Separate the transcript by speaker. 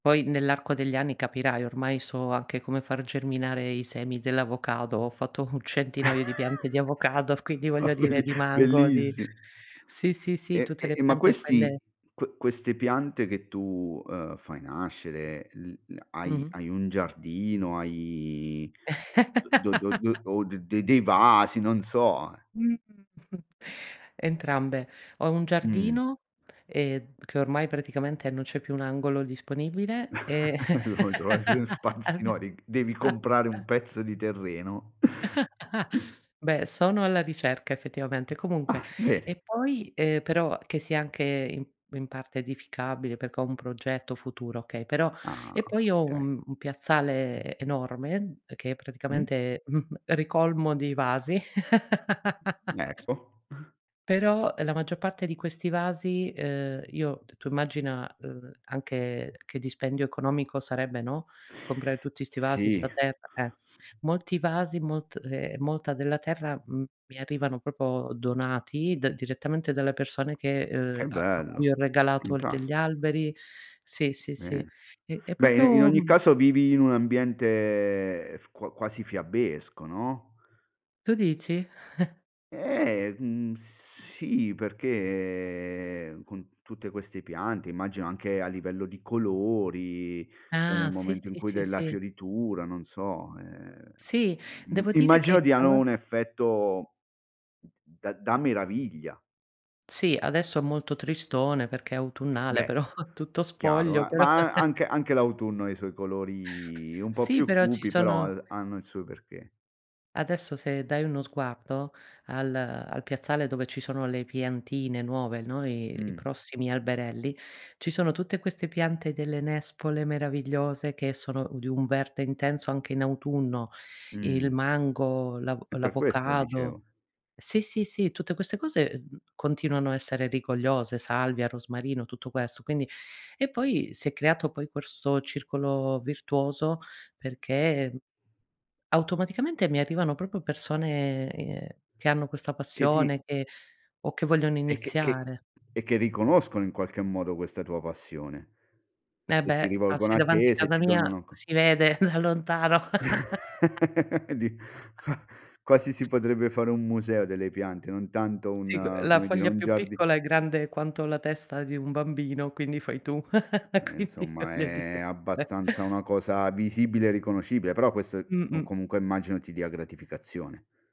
Speaker 1: Poi nell'arco degli anni capirai, ormai so anche come far germinare i semi dell'avocado. Ho fatto un centinaio di piante di avocado, quindi
Speaker 2: Ma
Speaker 1: voglio
Speaker 2: belli
Speaker 1: dire di mango, di
Speaker 2: bellissi
Speaker 1: sì, sì, sì,
Speaker 2: E
Speaker 1: tutte le
Speaker 2: e ma
Speaker 1: piante,
Speaker 2: questi
Speaker 1: quelle
Speaker 2: que queste piante che tu, uhm, fai nascere, il l hai
Speaker 1: Mh-mh.
Speaker 2: hai un giardino, hai do do do o de dei vasi, non so, eh?
Speaker 1: Mh-mh, entrambe. Ho un
Speaker 2: Mh.
Speaker 1: giardino e che ormai praticamente non c'è più un angolo disponibile, e
Speaker 2: [unintelligible] trovare dello spazio,
Speaker 1: [unintelligible]
Speaker 2: no, devi devi comprare un pezzo di terreno.
Speaker 1: Beh, sono alla ricerca effettivamente. Comunque
Speaker 2: Ah, bene.
Speaker 1: e poi, ehm- però che sia anche in in parte edificabile, perché ho un progetto futuro, okay- però
Speaker 2: Ah,
Speaker 1: e poi ho
Speaker 2: okay.
Speaker 1: un un piazzale e enorme che
Speaker 2: Mh.
Speaker 1: praticamente, mhmm, ricolmo di vasi
Speaker 2: Mh, ecco.
Speaker 1: Però, uhm, la maggior parte di questi vasi, uhm, io t tu immagina, ehm, anche che dispendio economico sarebbe, no, comprare tutti sti vasi,
Speaker 2: Sì.
Speaker 1: sta terra, eh. Molti vasi, molt ehm, molta della terra m mi arrivano proprio donati d direttamente dalle persone che uhm,
Speaker 2: Che
Speaker 1: a a cui ho
Speaker 2: bello.
Speaker 1: regalato degli
Speaker 2: Fantasti
Speaker 1: alberi. Sì, sì, sì,
Speaker 2: Bene.
Speaker 1: e e
Speaker 2: Beh i in
Speaker 1: proprio
Speaker 2: ogni caso vivi in un ambiente f qua quasi fiabesco, no?
Speaker 1: Tu dici?
Speaker 2: Eh, mhmm, sì, perché, ehm, con tutte queste piante immagino anche a livello di colori e nel
Speaker 1: Ah, sì,
Speaker 2: momento in
Speaker 1: sì,
Speaker 2: cui
Speaker 1: sì,
Speaker 2: della
Speaker 1: sì.
Speaker 2: fioritura, non so, ehm,
Speaker 1: Sì.
Speaker 2: im
Speaker 1: Devo dire
Speaker 2: immagino
Speaker 1: che
Speaker 2: diano
Speaker 1: alla
Speaker 2: un effetto d da- da meraviglia.
Speaker 1: Sì, adesso è molto tristone perché è autunnale,
Speaker 2: Beh,
Speaker 1: però tutto
Speaker 2: chiaro
Speaker 1: spoglio,
Speaker 2: eh;
Speaker 1: però.
Speaker 2: ma a anche anche l'autunno ha i suoi colori un po'
Speaker 1: Sì,
Speaker 2: più
Speaker 1: però ci
Speaker 2: cupi, però
Speaker 1: sono
Speaker 2: ha hanno il suo perché.
Speaker 1: Adesso se dai uno sguardo al al piazzale dove ci sono le piantine nuove, no, i i
Speaker 2: Mh.
Speaker 1: prossimi alberelli, ci sono tutte queste piante delle nespole meravigliose, che sono u di un verde intenso anche in autunno: il
Speaker 2: Mh.
Speaker 1: mango, l'avo
Speaker 2: Eh, per questo
Speaker 1: l'avocado.
Speaker 2: dicevo.
Speaker 1: Sì, sì, sì, tutte queste cose, uhm, continuano a essere rigogliose, salvia, rosmarino, tutto questo. Quindi e poi si è creato poi questo circolo virtuoso perché automaticamente mi arrivano proprio persone, ehm, che hanno questa
Speaker 2: Che ti
Speaker 1: passione che o che vogliono
Speaker 2: E che che
Speaker 1: iniziare.
Speaker 2: e che riconoscono in qualche modo questa tua passione.
Speaker 1: E
Speaker 2: Se si
Speaker 1: beh,
Speaker 2: rivolgono
Speaker 1: passi
Speaker 2: a
Speaker 1: davanti
Speaker 2: te, se
Speaker 1: casa
Speaker 2: ti
Speaker 1: mia
Speaker 2: donano co
Speaker 1: si vede da lontano.
Speaker 2: Di qua quasi si potrebbe fare un museo delle piante, non tanto
Speaker 1: Sì, c ehm,
Speaker 2: un
Speaker 1: la
Speaker 2: come dire,
Speaker 1: foglia
Speaker 2: un
Speaker 1: più
Speaker 2: giardi
Speaker 1: piccola è grande quanto la testa di un bambino, quindi fai tu,
Speaker 2: Eh,
Speaker 1: quindi
Speaker 2: insomma
Speaker 1: voglio
Speaker 2: è
Speaker 1: dire.
Speaker 2: abbastanza una cosa visibile e riconoscibile, però quest o
Speaker 1: Mh-mh.
Speaker 2: comunque immagino ti dia gratificazione.